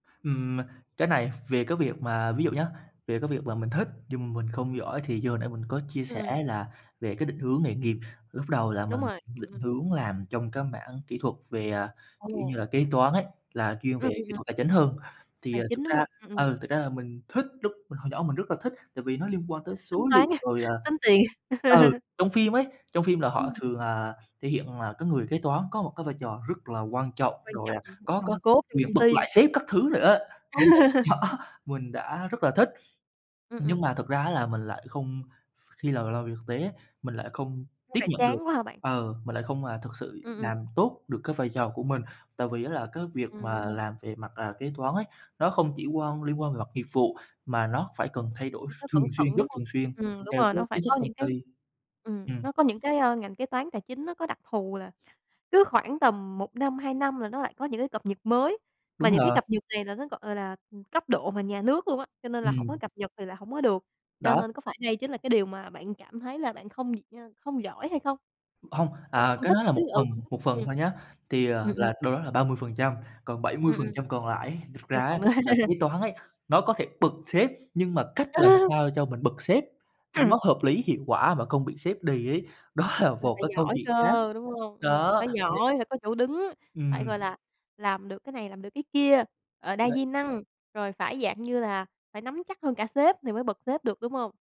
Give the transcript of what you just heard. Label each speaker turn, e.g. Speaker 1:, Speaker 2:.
Speaker 1: Ừm, cái này v về cái việc mà ví dụ nhá, về cái việc mà mình thích nhưng m mình không giỏi thì như hồi nãy mình có chia
Speaker 2: Ừm.
Speaker 1: sẻ là về cái định hướng nghề nghiệp, lúc đầu là
Speaker 2: Đúng
Speaker 1: mình
Speaker 2: rồi, ừm,
Speaker 1: định
Speaker 2: ừm.
Speaker 1: hướng làm trong cái mảng kỹ thuật về, à, kiểu như
Speaker 2: Ồ.
Speaker 1: là, kế toán ấy, là chuyên
Speaker 2: Ừm,
Speaker 1: về
Speaker 2: ừm,
Speaker 1: kỹ
Speaker 2: ừm.
Speaker 1: thuật tài chính hơn. Thì,
Speaker 2: Tài
Speaker 1: à,
Speaker 2: chính,
Speaker 1: thực
Speaker 2: đúng
Speaker 1: ra
Speaker 2: hông? Ừm, ừm.
Speaker 1: ừ, thực ra là mình thích lúc mình hồi nhỏ mình rất là thích, tại vì nó liên quan tới
Speaker 2: Tính
Speaker 1: số
Speaker 2: toán
Speaker 1: liệu,
Speaker 2: ha?
Speaker 1: rồi, à
Speaker 2: Tính tiền.
Speaker 1: ừ, trong phim ấy, trong phim là họ
Speaker 2: Ừm.
Speaker 1: thường, à, thể hiện là cái người kế toán có một cái vai trò rất là quan trọng,
Speaker 2: Quan
Speaker 1: rồi,
Speaker 2: trọng,
Speaker 1: à, có có
Speaker 2: nòng cốt trong
Speaker 1: quyền
Speaker 2: công
Speaker 1: bật
Speaker 2: ty.
Speaker 1: lại sếp các thứ nữa á, nên là, đó, mình đã rất là thích.
Speaker 2: Ừm,
Speaker 1: Nhưng
Speaker 2: ừm.
Speaker 1: mà thực ra á là mình lại không khi là làm việc thực tế ấy, mình lại không
Speaker 2: Nó
Speaker 1: tiếp
Speaker 2: lại
Speaker 1: nhận được
Speaker 2: chán quá hả bạn?
Speaker 1: ừ, mình lại không, à, thực sự
Speaker 2: Ừm, ừm.
Speaker 1: làm tốt được cái vai trò của mình. Tại vì á là cái việc
Speaker 2: Ừm.
Speaker 1: mà làm về mặt, à, kế toán ấy, nó không chỉ quan liên quan về mặt nghiệp vụ mà nó phải cần thay đổi
Speaker 2: Phải nhớ
Speaker 1: ph thường
Speaker 2: cẩn
Speaker 1: xuyên,
Speaker 2: thận,
Speaker 1: rất
Speaker 2: đúng hông?
Speaker 1: thường xuyên
Speaker 2: Ừm, đúng
Speaker 1: theo
Speaker 2: rồi,
Speaker 1: cái
Speaker 2: nó phải
Speaker 1: chính sách
Speaker 2: có
Speaker 1: công
Speaker 2: những cái
Speaker 1: ty.
Speaker 2: ừm,
Speaker 1: Ừm.
Speaker 2: nó có những cái, ơ, ngành kế toán tài chính nó có đặc thù là cứ khoảng tầm 1 năm, 2 năm là nó lại có những cái cập nhật mới, mà
Speaker 1: Đúng
Speaker 2: những cái
Speaker 1: là
Speaker 2: cập nhật này là nó, gọi là, ừm, cấp độ mà nhà nước luôn á, cho nên là hổng có
Speaker 1: Ừm.
Speaker 2: cập nhật thì là hổng có được. Cho
Speaker 1: Đó.
Speaker 2: nên có phải đây chính là cái điều mà bạn cảm thấy là bạn không [unintelligible] không giỏi hay không?
Speaker 1: Hông,
Speaker 2: Không
Speaker 1: à,
Speaker 2: không
Speaker 1: cái
Speaker 2: thích
Speaker 1: đó là
Speaker 2: chứ
Speaker 1: một phần, một
Speaker 2: ừ.
Speaker 1: phần thôi nhá. Thì, à,
Speaker 2: Ừm, ừm.
Speaker 1: là đâu đó là 30%, còn bảy mươi
Speaker 2: Ừm,
Speaker 1: phần
Speaker 2: ừm.
Speaker 1: trăm còn lại ấy, thật
Speaker 2: Ừm,
Speaker 1: ra ấy,
Speaker 2: còn nữa.
Speaker 1: là kế toán ấy, nó có thể bật sếp, nhưng mà cách làm sao cho mình bật sếp nó hợp lý, hiệu quả mà không bị sếp đì ấy, đó là
Speaker 2: Là
Speaker 1: một
Speaker 2: phải
Speaker 1: cái câu
Speaker 2: giỏi
Speaker 1: chuyện
Speaker 2: cơ,
Speaker 1: khác.
Speaker 2: đúng hông? Ừm,
Speaker 1: Đó,
Speaker 2: phải
Speaker 1: nên
Speaker 2: giỏi, phải có chỗ đứng, phải,
Speaker 1: Ừm.
Speaker 2: gọi là, làm được cái này, làm được cái kia, ờ, đa
Speaker 1: Đấy.
Speaker 2: di năng, rồi phải dạng như là phải nắm chắc hơn cả sếp thì mới bật sếp được, đúng hông?